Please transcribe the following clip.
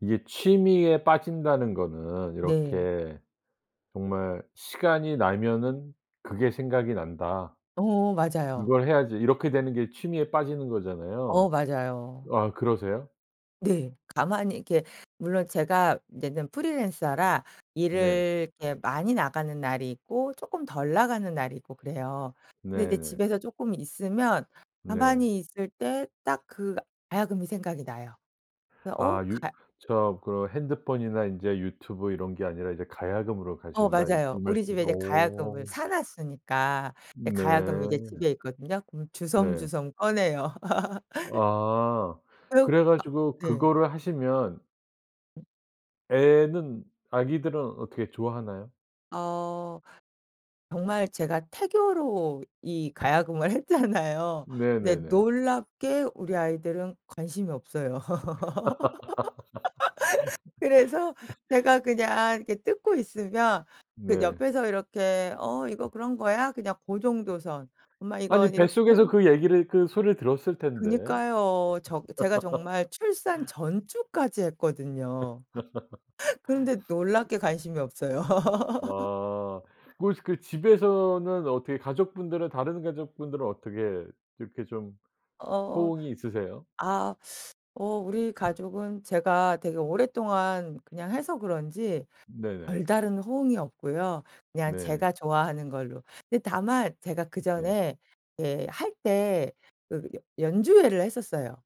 이게 취미에 빠진다는 거는 네. 이렇게 정말 '시간이 나면은 그게 생각이 난다. 어 맞아요. 그걸 해야지.' 이렇게 되는 게 취미에 빠지는 어 거잖아요. 맞아요. 아 그러세요? 네. 가만히 이렇게 물론 제가 인제는 프리랜서라 네. 일을 이렇게 많이 나가는 날이 있고 쪼끔 덜 나가는 날이 있고 으 그래요. 근데 이제 네네. 집에서 쪼끔 있으면 네. 가만히 있을 때 딱 그 가야금이 생각이 나요. 그래서 어 아 유 가야 저 그 "핸드폰이나 인제 유튜브 이런 게 아니라 이제 가야금으로 어 가신다." 맞아요. 이 우리 집에 말씀이죠. 이제 가야금을 오. 사 놨으니까 이제 가야금이 이제 네. 집에 있거든요. 그럼 네. 주섬주섬 꺼내요. 아. 그러 그래 아. 가지고 네. 그거를 하시면 어. 애는 아기들은 어떻게 좋아하나요? 어 정말 제가 태교로 이 가야금을 했잖아요. 근데 네네네. 놀랍게 우리 아이들은 관심이 없어요. 그래서 제가 그냥 이렇게 뜯고 있으면 그 네. 옆에서 이렇게 어 "이거 그런 거야?" 그냥 고 정도선. "엄마 이거 아니 이렇게" 뱃속에서 그 얘기를 그 소리를 들었을 텐데? 그니까요. 저 제가 정말 출산 전 주까지 했거든요. 그런데 놀랍게 관심이 없어요. 아. 그 그 집에서는 어떻게 가족분들은 다른 가족분들은 어떻게 이렇게 좀 어. 호응이 있으세요? 아. 어 우리 가족은 제가 되게 오랫동안 그냥 해서 그런지 네네. 별다른 호응이 없고요. 그냥 네. 제가 좋아하는 걸로. 근데 다만 제가 네. 그전에 예 할 때 그 여 연주회를 했었어요.